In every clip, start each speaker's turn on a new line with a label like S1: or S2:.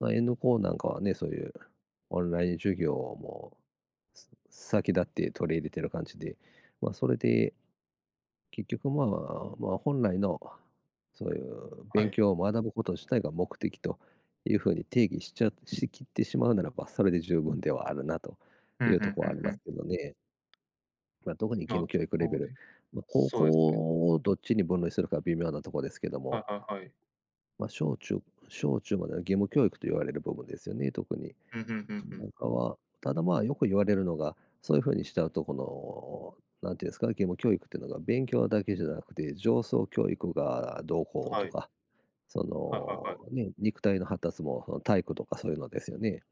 S1: まあ、N 高なんかはね、そういうオンライン授業もす先立って取り入れてる感じで、まあ、それで、結局、まま、まあ、本来のそういう
S2: は
S1: 勉
S2: い。
S1: 強を学ぶこと自体が目的というふうに定義しちゃしきってしまうならば、それで十分ではあるなと
S2: ふ
S1: い
S2: ん
S1: う
S2: ふ
S1: と
S2: ん
S1: ころは
S2: ふ
S1: あ
S2: ん
S1: り
S2: ふ
S1: ます
S2: ん。
S1: けどね。ま、どこに義
S2: ま、
S1: 務教育レ
S2: こ
S1: ベ
S2: う
S1: ル
S2: ね。
S1: ま、高
S2: そうですね。
S1: 校をどっちに分類するか微妙なとこですけど
S2: は
S1: も。
S2: いはいはい。
S1: まあ、小中小中までは義務教育と言われる部分ですよね、特に。
S2: ふんふん、ふんふ
S1: な
S2: ん。
S1: んかは、ただ、まあ、よく言われるのが、そういうふうにしちゃうと、この、なんて言うんですか、義務教育ってのが勉強だけじゃなくて情操教育がどうこう
S2: は
S1: と
S2: い。
S1: か、そ
S2: はいはいはい。
S1: の、ね、肉体の発達も、その、体育とかそういうのですよね。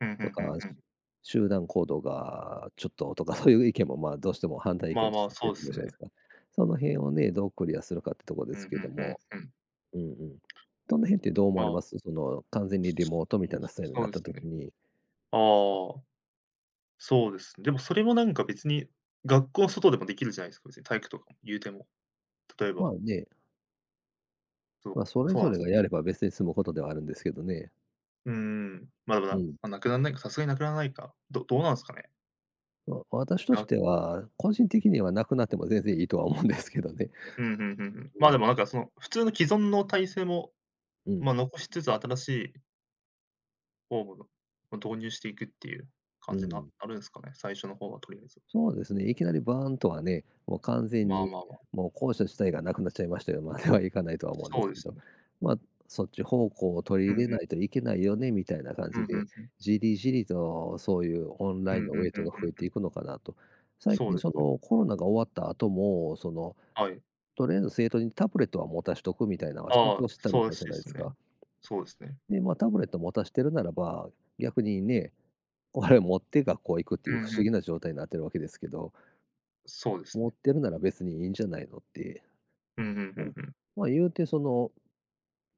S2: ふんふ
S1: と
S2: んふん
S1: か、
S2: ふん。
S1: 集団行動がちょっととか、そういう意見も、ま、どうしても反対意
S2: まあ
S1: 見と
S2: ま
S1: し
S2: あ、
S1: て
S2: そ
S1: 出
S2: う
S1: てく
S2: す
S1: るじゃない
S2: ね。
S1: すか。その辺をね、どうクリアするかってとこで
S2: ふ
S1: す
S2: んふ
S1: け
S2: ん
S1: ど
S2: ふん
S1: も、
S2: ふん。
S1: うんうん。その辺ってどう思
S2: ま
S1: われ
S2: あ。
S1: ます？その、完全にリモートみたいなスタイル
S2: そう
S1: なっ
S2: で
S1: た
S2: す
S1: 時
S2: ね。
S1: に。
S2: ああ。そうですね。でも、それもなんか別に学校外でもできるじゃないすか。別に体育とか、言うても。例え
S1: まあ
S2: ば
S1: ね。
S2: そ
S1: まあ、
S2: う、
S1: それ
S2: そう
S1: ぞ
S2: なん
S1: れ
S2: す。
S1: がやれば別に済むことではあるんですけどね。
S2: うーん、まだ、
S1: う
S2: な
S1: ん。
S2: ま、無くなんないか。さすがに無くならないか。どどうなんすかね。
S1: ま、私とし
S2: が
S1: ては、個人的には無くなっても全然いいとは思うんですけどね。
S2: うん、ふんふんふん。
S1: う
S2: まあ、で
S1: ん。
S2: も、なんか、その、普通の既存の体制も、
S1: う
S2: まあ、
S1: ん。
S2: 残しつつ、新しいフォームのを導入していくっていう
S1: う
S2: 感じな
S1: ん。
S2: あるんすかね、最初の方はとりあえず。
S1: そうですね、いきなりバーンとはね、もう完全
S2: まあ
S1: に、
S2: まあまあ。
S1: もう校舎自体がなくなっちゃいましたよ、まではいかないとは思うんで
S2: そう
S1: す
S2: で
S1: け
S2: す
S1: ど、
S2: ね。
S1: まあ、そっち方向を取
S2: う
S1: り
S2: んう
S1: 入れ
S2: ん。
S1: ないといけないよね、みたいな感
S2: う
S1: じ
S2: ん、ふん
S1: で、
S2: ふん。
S1: じりじりとそういうオン
S2: う
S1: ライン
S2: ん
S1: の
S2: ふ
S1: ウ
S2: ん
S1: ェイ
S2: ふ
S1: ト
S2: ん
S1: が
S2: ふ
S1: 増
S2: ん
S1: え
S2: ふ
S1: て
S2: ん。
S1: いくのかなと。最
S2: そう
S1: 近、
S2: です
S1: そ
S2: ね。
S1: の、コロナが終わった後も、その、
S2: はい。
S1: とりあえず生徒にタブレットは持たしとくみたいのは、浸
S2: あ
S1: 透
S2: あ、
S1: したみ
S2: そうら
S1: たいじ
S2: し
S1: ゃ
S2: い
S1: ないで
S2: すね。
S1: か。
S2: そうですね。
S1: で、ま、タブレットを持たしてるならば、逆にね、これを持って学校行くってい
S2: う
S1: う不
S2: ん、ふ
S1: 思
S2: ん。
S1: 議な状態なってるわけですけど。
S2: そうです
S1: 持
S2: ね。
S1: ってるなら別にいいんじゃないのって。
S2: うん、ふんふ
S1: うん。
S2: んふん。
S1: まあ、言うて、その、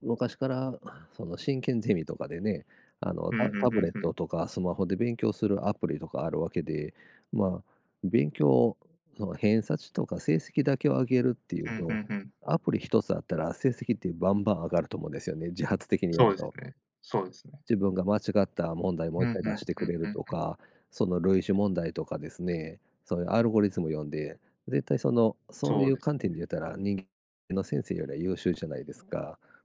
S1: 昔から、その、進研ゼミとかでね、あの、
S2: ふ
S1: た
S2: ん
S1: タ
S2: ふ
S1: ブ
S2: ん
S1: レッ
S2: ふん。
S1: トとかスマホで勉強するアプリとかあるわけで、まあ、勉強、その、偏差値とか成績だけを上げるってい
S2: ふ
S1: う
S2: んふ
S1: と、
S2: んふん。
S1: アプリ1つあったら成績ってバンバン上がると思うんですよね、自発的にや
S2: そう
S1: る
S2: です
S1: と。
S2: ね、そうですね。
S1: 自分が間違った問題もう
S2: う
S1: いっ
S2: ん、
S1: かい
S2: ふ
S1: 出
S2: ん、
S1: して
S2: ふ
S1: く
S2: ん
S1: れ
S2: ふ
S1: る
S2: ん
S1: と
S2: ふん。
S1: か、その類似問題とかですね、そういうアルゴリズム読んで。絶対、その、そう
S2: そ
S1: い
S2: う
S1: う
S2: です
S1: 観点で
S2: ね。
S1: 言ったら人間の先生よりは優秀じゃないですか。